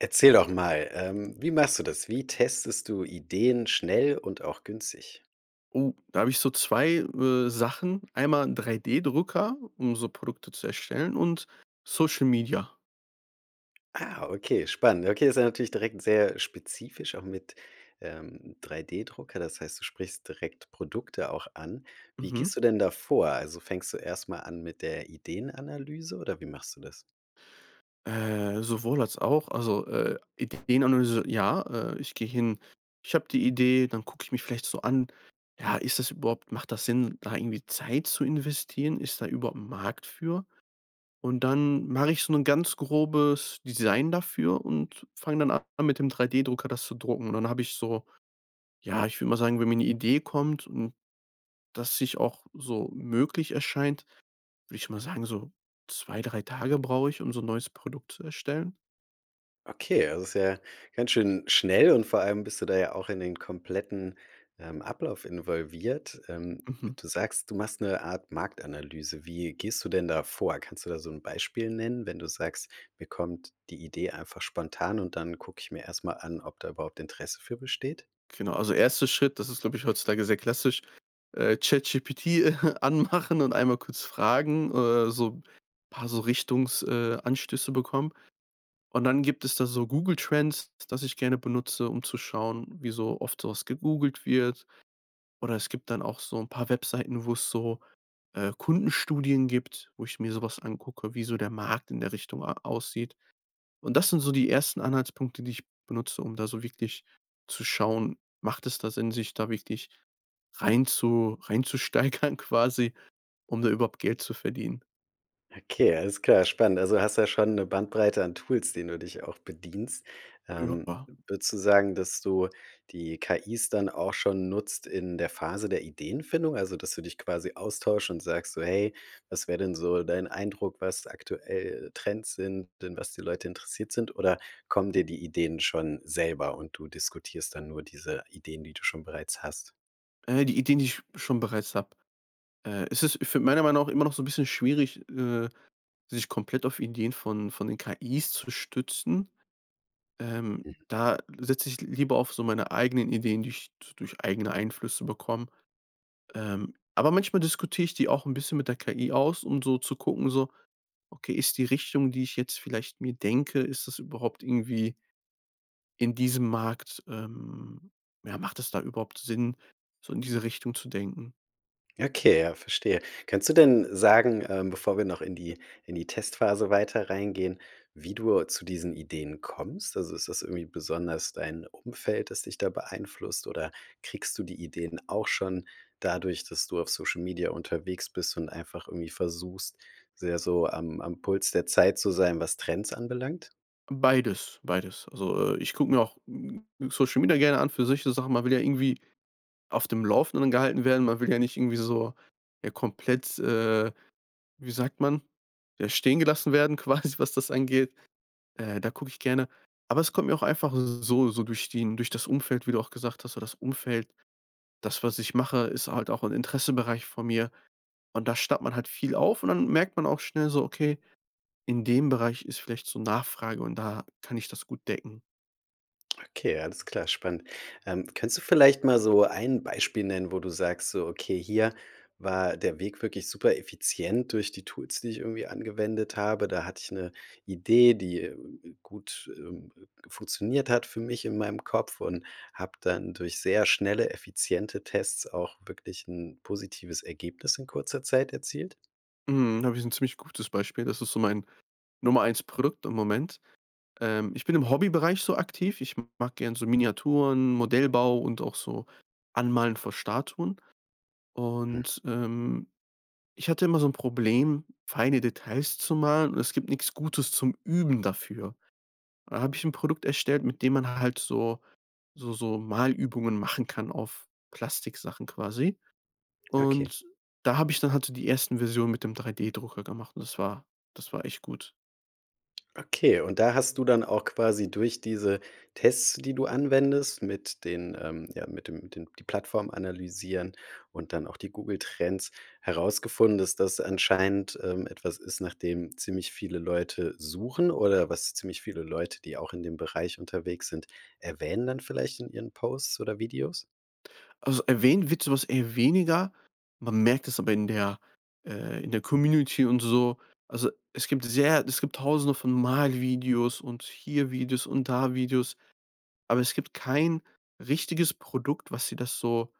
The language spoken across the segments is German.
Erzähl doch mal, ähm, wie machst du das? Wie testest du Ideen schnell und auch günstig? Oh, da habe ich so 2, äh, Sachen. Einmal 'n 3 D Drucker, um so Produkte zu erstellen und Social Media. Ah, okay, spannend. Okay, ist ja natürlich direkt sehr spezifisch auch mit, ähm, 3 D Drucker. Dass heißt, du sprichst direkt Produkte auch an. Wie Mhm. gehst du denn da vor? Also, fängst du erst mal an mit der Ideenanalyse oder wie machst du das? Äh. Sowohl als auch. Also, äh, Ideenanalyse ja, äh, ich gehe hin, ich habe die Idee, dann gucke ich mich vielleicht so an: „Ja, ist das überhaupt macht das Sinn, da irgendwie Zeit zu investieren? Ist da überhaupt 'n Markt für?“ Und dann mache ich so 'nen ganz grobes Design dafür und fange dann an, mit dem 3 D Drucker das zu drucken. Und dann habe ich so ja, ich würde mal sagen, wenn mir 'ne Idee kommt und dass sich auch so möglich erscheint, würde ich mal sagen, so 2, 3 Tage brauche ich, um so 'n neues Produkt zu erstellen. Okay, es ist ja ganz schön schnell, und vor allem bist du da ja auch in den kompletten, ähm, Ablauf involviert. Ähm, Mhm. du sagst, du machst 'ne Art Marktanalyse. Wie gehst du denn da vor? Kannst du da so 'n Beispiel nennen, wenn du sagst: „Mir kommt die Idee einfach spontan, und dann gucke ich mir erst mal an, ob da überhaupt Interesse für besteht?" Genau, also 1. Schritt, das ist, glaube ich, heutzutage sehr klassisch, äh, ChatGPT anmachen und einmal kurz fragen, äh, so paar so Richtungs äh, Anstöße bekommen. Und dann gibt es da so Google Trends, das ich gerne benutze, um zu schauen, wie so oft so was gegoogelt wird. Oder es gibt dann auch so 'n paar Webseiten, wo es so, äh, Kundenstudien gibt, wo ich mir so was angucke, wie so der Markt in der Richtung a aussieht. Und das sind so die ersten Anhaltspunkte, die ich benutze, um da so wirklich zu schauen, macht es da Sinn da wirklich reinzu reinzusteigern quasi, um da überhaupt Geld zu verdienen? Okay, alles klar, spannend. Also, hast du ja schon 'ne Bandbreite an Tools, denen du dich auch bedienst. Ähm, Ja. würdest du sagen, dass du die KIs dann auch schon nutzt in der Phase der Ideenfindung? Also, dass du dich quasi austauscht und sagst so „Hey, was wäre denn so dein Eindruck, was aktuell Trends sind, an was die Leute interessiert sind?" Oder kommen dir die Ideen schon selber, und du diskutierst dann nur diese Ideen, die du schon bereits hast? Äh, die Ideen, die ich schon bereits habe. Äh, es ist für meiner Meinung auch, ähm, immer noch so 'n bisschen schwierig, äh, sich komplett auf Ideen von von den KIs zu stützen, ähm. Mhm. Da setze ich l lieber auf so meine eigenen Ideen, die ich d durch eigene Einflüsse bekomme. Ähm, aber manchmal diskutiere ich die auch 'n bisschen mit der KI aus, um so zu gucken, so: Okay, ist die Richtung, die ich jetzt vielleicht mir denke, ist das überhaupt irgendwie in diesem Markt, ähm ja, macht es da überhaupt Sinn, so in diese Richtung zu denken. Okay, ja, verstehe. Kannst du denn sagen, ähm, bevor wir noch in die in die Testphase weiter reingehen, wie du zu diesen Ideen kommst? Also ist das irgendwie besonders dein Umfeld, das dich da beeinflusst oder kriegst du die Ideen auch schon dadurch, dass du auf Social Media unterwegs bist und einfach irgendwie versuchst, sehr so am am Puls der Zeit zu sein, was Trends anbelangt? Beides, beides. Also, äh, ich gucke mir auch Social Media gerne an für solche Sachen. Man will ja irgendwie auf dem Laufenden gehalten werden. Man will ja nicht irgendwie so, ja, komplett, äh, wie sagt man, ja, stehengelassen werden quasi, was das angeht. Äh, da gucke ich gerne. Aber es kommt mir auch einfach so so durch den durch das Umfeld, wie du auch gesagt hast. So das Umfeld das, was ich mache, ist halt auch 'n Interessenbereich von mir. Und da staut man halt viel auf und dann merkt man auch schnell so: Okay, in dem Bereich ist vielleicht so 'ne Nachfrage und da kann ich das gut decken. Okay, alles klar, spannend. Ähm. Kannst du vielleicht mal so ein Beispiel nennen, wo du sagst: „So, okay, hier war der Weg wirklich supereffizient durch die Tools, die ich irgendwie angewendet habe. Da hatte ich 'ne Idee, die, äh, gut ähm, äh, funktioniert hat für mich in meinem Kopf und habe dann durch sehr schnelle, effiziente Tests auch wirklich 'n positives Ergebnis in kurzer Zeit erzielt."? Mhm, da habe ich 'n ziemlich gutes Beispiel. Das ist so mein Nummer 1 Produkt im Moment. Ähm. Ich bin im Hobbybereich so aktiv. Ich mag gerne so Miniaturen, Modellbau und auch so Anmalen von Statuen. Hm. Und, ähm, ich hatte immer so 'n Problem, feine Details zu malen und es gibt nix Gutes zum Üben dafür. Da habe ich 'n Produkt erstellt, mit dem man halt so so so Malübungen machen kann auf Plastiksachen quasi. Okay. Und, da habe ich dann halt so die 1. Versionen mit dem 3D-Drucker gemacht und das war das war echt gut. Okay, und da hast du dann auch quasi durch diese Tests, die du anwendest mit den, ähm, ja, mit dem mit dem die Plattform analysieren und dann auch die Google Trends herausgefunden, dass das anscheinend, ähm, etwas ist nachdem ziemlich viele Leute suchen oder was ziemlich viele Leute, die auch in dem Bereich unterwegs sind, erwähnen dann vielleicht in ihren Posts oder Videos? Also erwähnt wird so was eher weniger. Man merkt es aber in der äh, in der Community und so. Also, es gibt sehr es gibt Tausende von Malvideos und hier Videos und da Videos. Aber es gibt kein richtiges Produkt, was dir das so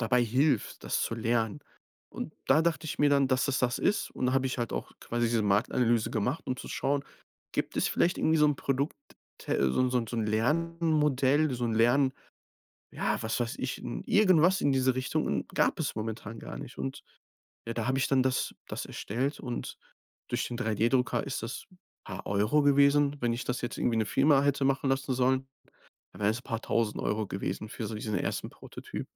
dabei hilft, das zu lernen. Und da dachte ich mir dann, dass es das ist. Und da habe ich halt auch quasi diese Marktanalyse gemacht, um zu schauen, gibt es vielleicht irgendwie so 'n Produkt, te so 'n so 'n so 'n Lernmodell, so 'n Lern Ja, was weiß ich, n irgendwas in dieser Richtung. Und gab es momentan gar nicht. Und ja, da habe ich dann das das erstellt und durch den 3D-Drucker ist das paar Euro gewesen. Wenn ich das jetzt irgendwie 'ne Firma hätte machen lassen sollen, wäre es 'n paar 1.000 € gewesen für solch so den ersten Prototyp.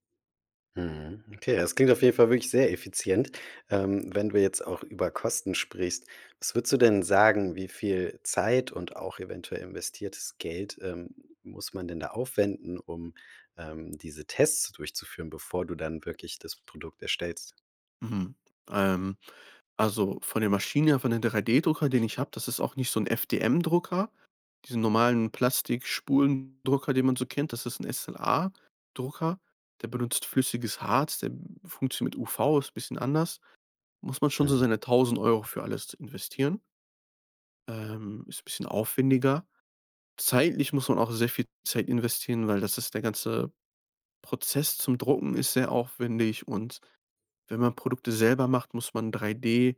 Mhm. Okay, das klingt auf jeden Fall wirklich sehr effizient, ähm, wenn du jetzt auch über Kosten sprichst. Was würdest du denn sagen, wie viel Zeit und auch eventuell investiertes Geld, ähm, muss man denn da aufwenden, um, ähm, diese Tests so durchzuführen, bevor du dann wirklich das Produkt erstellst? Mhm, ähm, also von der Maschine her, von den 3D-Drucker, den ich habe das ist auch nicht so 'n FDM-Drucker. Diese normalen Plastikspulendrucker, den man so kennt, das ist 'n SLA-Drucker. Der benutzt flüssiges Harz, der funktioniert mit UV, ist bisschen anders. Muss man schon so Mhm. seine 1.000 € für alles investieren. Ähm. Ist 'n bisschen aufwendiger. Zeitlich muss man auch sehr viel Zeit investieren, weil das ist der ganze Prozess zum Drucken ist sehr aufwendig. Und wenn man Produkte selber macht, muss man 3D,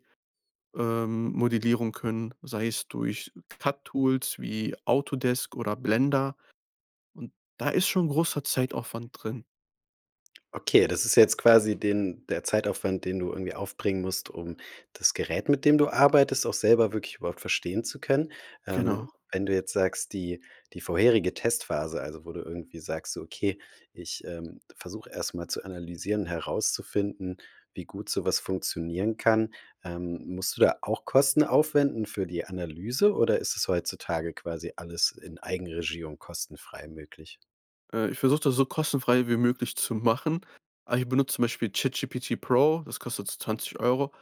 ähm, Modellierung können, sei es durch CAT-Tools wie Autodesk oder Blender. Und da ist schon großer Zeitaufwand drin. Okay, das ist jetzt quasi den der Zeitaufwand, den du irgendwie aufbringen musst, um das Gerät, mit dem du arbeitest, auch selber wirklich überhaupt verstehen zu können. Ähm, Genau. wenn du jetzt sagst, die die vorherige Testphase, also wo du irgendwie sagst so, okay, ich, ähm, versuche erst mal zu analysieren, herauszufinden, wie gut so was funktionieren kann. Ähm, musst du da auch Kosten aufwenden für die Analyse oder ist es heutzutage quasi alles in Eigenregie und kostenfrei möglich? Äh, ich versuche das so kostenfrei wie möglich zu machen. Aber ich benutze zum Beispiel ChatGPT Pro, das kostet so 20 €.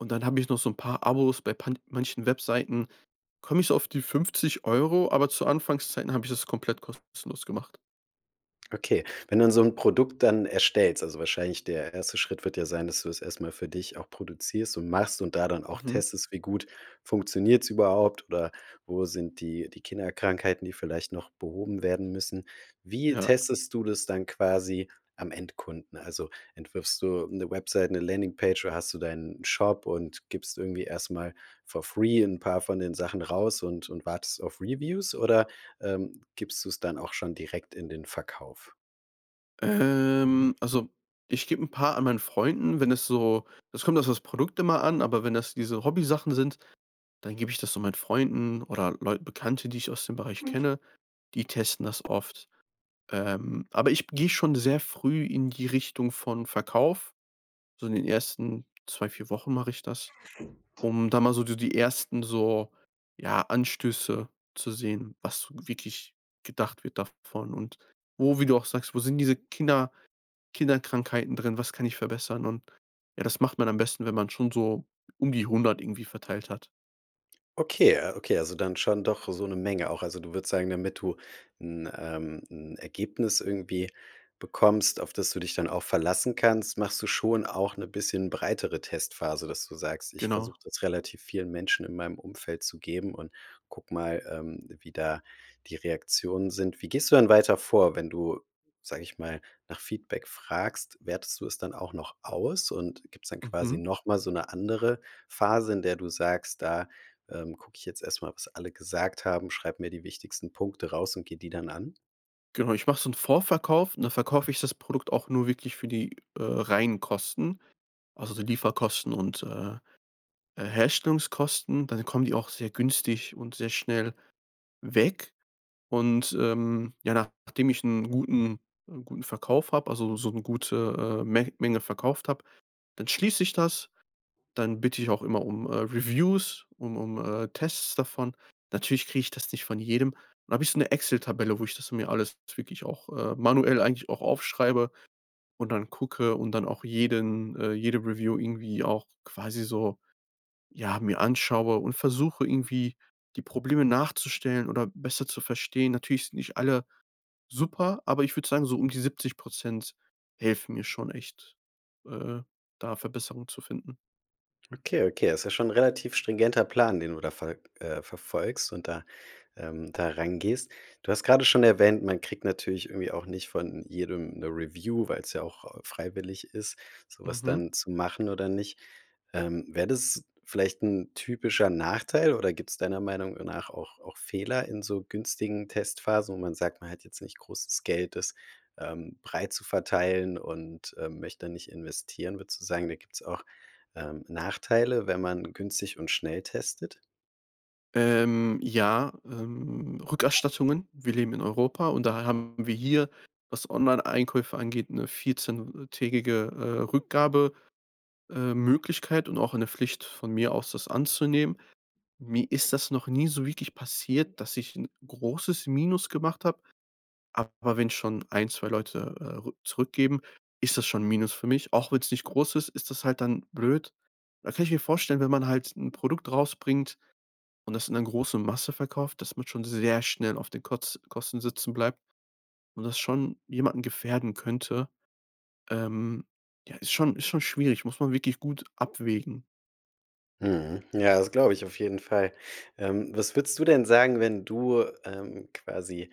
Und dann hab ich noch so 'n paar Abos. Bei pa manchen Webseiten komme ich so auf die 50 €, aber zu Anfangszeiten habe ich das komplett kostenlos gemacht. Okay. Wenn du dann so 'n Produkt dann erstellst, also, wahrscheinlich der 1. Schritt wird ja sein, dass du es erst mal für dich auch produzierst und machst und da dann auch Mhm. testest, wie gut funktioniert's überhaupt, oder wo sind die die Kinderkrankheiten, die vielleicht noch behoben werden müssen? Wie Ja. testest du das dann quasi am Endkunden? Also, entwirfst du 'ne Website, 'ne Landingpage oder hast du deinen Shop und gibst irgendwie erst mal for free 'n paar von den Sachen raus und und wartest auf Reviews oder, ähm, gibst du es dann auch schon direkt in den Verkauf? Ähm, also ich gebe 'n paar an meinen Freunden, wenn es so es kommt auf das Produkt immer an, aber wenn das diese Hobbysachen sind, dann gebe ich das so meinen Freunden oder Leut Bekannte, die ich aus dem Bereich kenne, die testen das oft. Ähm, aber ich gehe schon sehr früh in die Richtung von Verkauf. So in den ersten 2, 4 Wochen mache ich das, um da mal so so die ersten so, ja, Anstöße zu sehen, was wirklich gedacht wird davon und wo, wie du auch sagst, wo sind diese Kinder Kinderkrankheiten drin? Was kann ich verbessern? Und ja, das macht man am besten, wenn man schon so um die 100 irgendwie verteilt hat. Okay, äh, okay, also, dann schon doch so 'ne Menge auch. Also, du würdest sagen, damit du 'n, ähm, 'n Ergebnis irgendwie bekommst, auf das du dich dann auch verlassen kannst, machst du schon auch 'ne bisschen breitere Testphase, dass du sagst: „Ich Genau. versuche das relativ vielen Menschen in meinem Umfeld zu geben und gucke mal, ähm, wie da die Reaktionen sind." Wie gehst du dann weiter vor, wenn du, sage ich mal, nach Feedback fragst, wertest du es dann auch noch aus? Und gibt's dann quasi Mhm. noch mal so 'ne andere Phase, in der du sagst: „Da, ähm, gucke ich jetzt erst mal, was alle gesagt haben, schreibe mir die wichtigsten Punkte raus und gehe die dann an“? Genau. Ich mache so 'n Vorverkauf, und da verkaufe ich das Produkt auch nur wirklich für die, äh, reinen Kosten, also die Lieferkosten und, äh, Herstellungskosten. Dann kommen die auch sehr günstig und sehr schnell weg. Und, ähm, ja, nachdem ich 'n guten 'n guten Verkauf habe, also so 'ne gute, äh, Men Menge verkauft habe, dann schließ ich das. Dann bitte ich auch immer um, äh, Reviews, um um, äh, Tests davon. Natürlich kriege ich das nicht von jedem. Dann habe ich so 'ne Excel-Tabelle, wo ich das mir alles wirklich auch, äh, manuell eigentlich auch aufschreibe und dann gucke und dann auch jeden äh, jede Review irgendwie auch quasi so, ja, mir anschaue und versuche irgendwie die Probleme nachzustellen oder besser zu verstehen. Natürlich sind nicht alle super, aber ich würde sagen, so um die 70 Prozent helfen mir schon echt, äh, da Verbesserungen zu finden. Okay, okay, ist ja schon 'n relativ stringenter Plan, den du da ver äh, verfolgst und da, ähm, da rangehst. Du hast grade schon erwähnt, man kriegt natürlich irgendwie auch nicht von jedem 'ne Review, weil's ja auch, äh, freiwillig ist, so was Mhm. dann zu machen oder nicht. Ähm, wäre das vielleicht 'n typischer Nachteil, oder gibt's deiner Meinung nach auch auch Fehler in so günstigen Testphasen, wo man sagt, man hat jetzt nicht großes Geld, das, ähm, breit zu verteilen und, ähm, möchte nicht investieren? Würdest du sagen, da gibt's auch, ähm, Nachteile, wenn man günstig und schnell testet? Ähm, ja, ähm, Rückerstattungen. Wir leben in Europa und da haben wir hier, was Onlineeinkäufe angeht, 'ne 14- Tägige, äh, Rückgabe ähm, Möglichkeit und auch eine Pflicht, von mir aus, das anzunehmen. Mir ist das noch nie so wirklich passiert, dass ich 'n großes Minus gemacht habe, aber wenn ich schon 1, 2 Leute, äh, rück zurückgeben, ist das schon 'n Minus für mich. Auch wenn's nicht groß ist, ist das halt dann blöd. Da kann ich mir vorstellen, wenn man halt 'n Produkt rausbringt und das in 'ne große Masse verkauft, dass man schon sehr schnell auf den Koz Kosten sitzen bleibt und das schon jemanden gefährden könnte, ähm. Ja, ist schon ist schon schwierig, muss man wirklich gut abwägen. Mhm. Ja, das glaube ich auf jeden Fall. Ähm, was würdest du denn, sagen, ähm, wenn du quasi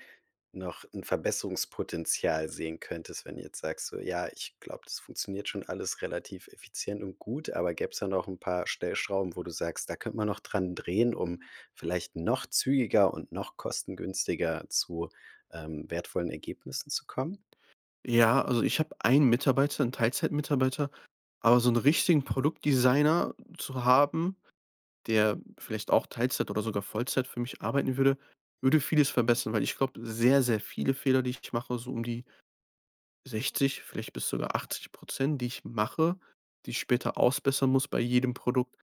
noch 'n Verbesserungspotenzial sehen könntest, wenn du jetzt sagst, so: „Ja, ich glaube, das funktioniert schon alles relativ effizient und gut." aber gäbe es da noch 'n paar Stellschrauben, wo du sagst: „Da könnte man noch dran drehen, um vielleicht noch zügiger und noch kostengünstiger zu, ähm, wertvollen Ergebnissen zu kommen."? Ja, also ich hab 1 Mitarbeiter, 'n Teilzeitmitarbeiter, aber so 'nen richtigen Produktdesigner zu haben, der vielleicht auch Teilzeit oder sogar Vollzeit für mich arbeiten würde, würde vieles verbessern, weil ich glaube, sehr, sehr viele Fehler, die ich mache, so um die 60, vielleicht bis sogar 80 %, die ich mache, die ich später ausbessern muss bei jedem Produkt,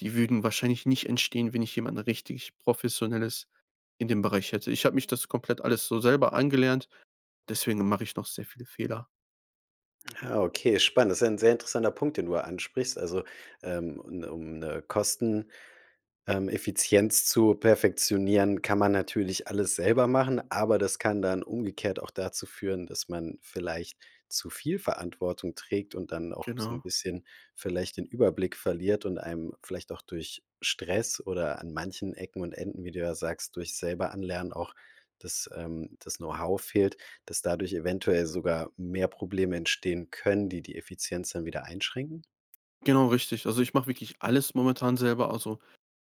die würden wahrscheinlich nicht entstehen, wenn ich jemanden richtig Professionelles in dem Bereich hätte. Ich habe mich das komplett alles so selber angelernt, deswegen mache ich noch sehr viele Fehler. Ah. Okay, spannend. Das ist ein sehr interessanter Punkt, den du ansprichst. Also, ähm, un um 'ne Kosten, ähm, Effizienz zu perfektionieren, kann man natürlich alles selber machen, aber das kann dann umgekehrt auch dazu führen, dass man vielleicht zu viel Verantwortung trägt und dann auch so 'n Genau. bisschen vielleicht den Überblick verliert und einem vielleicht auch durch Stress oder an manchen Ecken und Enden, wie du ja sagst, durch selber Anlernen auch, das, ähm, das Know-how fehlt, dass dadurch eventuell sogar mehr Probleme entstehen können, die die Effizienz dann wieder einschränken? Genau, richtig. Also ich mache wirklich alles momentan selber, also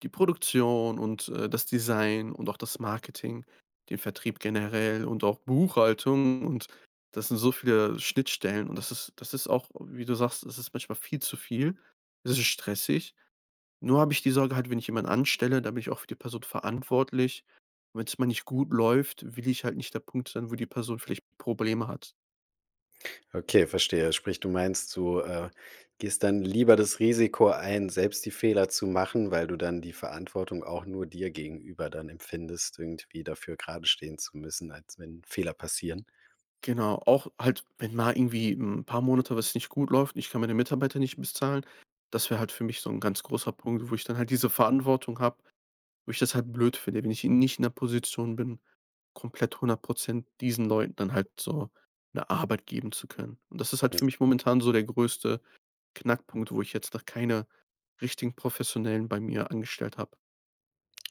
die Produktion und, äh, das Design und auch das Marketing, den Vertrieb generell und auch Buchhaltung. Und das sind so viele Schnittstellen und das ist das ist auch, wie du sagst, das ist manchmal viel zu viel. Es ist stressig. Nur habe ich die Sorge halt, wenn ich jemanden anstelle, da bin ich auch für die Person verantwortlich. Wenn's mal nicht gut läuft, will ich halt nicht der Punkt sein, wo die Person vielleicht Probleme hat. Okay, verstehe. Sprich, du meinst, du, äh, gehst dann lieber das Risiko ein, selbst die Fehler zu machen, weil du dann die Verantwortung auch nur dir gegenüber dann empfindest, irgendwie dafür geradestehen zu müssen, als wenn Fehler passieren? Genau, auch halt, wenn mal irgendwie 'n paar Monate, was nicht gut läuft und ich kann meine Mitarbeiter nicht bezahlen. Das wär halt für mich so 'n ganz großer Punkt, wo ich dann halt diese Verantwortung habe, wo ich das halt blöd finde, wenn ich eben nicht in 'ner Position bin, komplett 100 % diesen Leuten dann halt so 'ne Arbeit geben zu können. Und das ist halt für mich momentan so der größte Knackpunkt, wo ich jetzt noch keine richtigen Professionellen bei mir angestellt habe.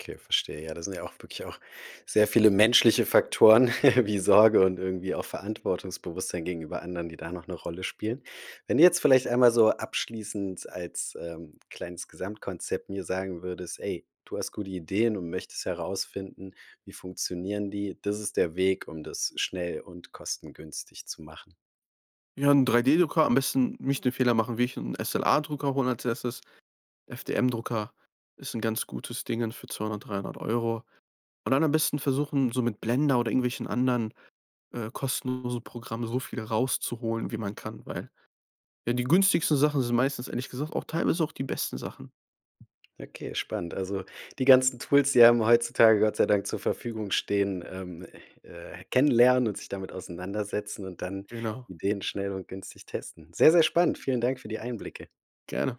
Okay, verstehe. Ja, das sind ja auch wirklich auch sehr viele menschliche Faktoren wie Sorge und irgendwie auch Verantwortungsbewusstsein gegenüber anderen, die da noch 'ne Rolle spielen. Wenn du jetzt vielleicht einmal so abschließend als, ähm, kleines Gesamtkonzept mir sagen würdest: „Ey, du hast gute Ideen und möchtest herausfinden, wie funktionieren die. Das ist der Weg, um das schnell und kostengünstig zu machen“. Ja, 'n 3D-Drucker, am besten nicht den Fehler machen, wie ich 'n SLA-Drucker hole als 1.. FTM-Drucker ist 'n ganz gutes Ding für 200 €, 300 €. Und dann am besten versuchen, so mit Blender oder irgendwelchen anderen, äh, kostenlose Programme so viel rauszuholen, wie man kann. Weil ja, die günstigsten Sachen sind meistens, ehrlich gesagt, auch teilweise auch die besten Sachen. Okay, spannend. Also die ganzen Tools, die einem heutzutage Gott sei Dank zur Verfügung stehen, ähm, äh, kennenlernen und sich damit auseinandersetzen und dann Genau. Ideen schnell und günstig testen. Sehr, sehr spannend. Vielen Dank für die Einblicke. Gerne.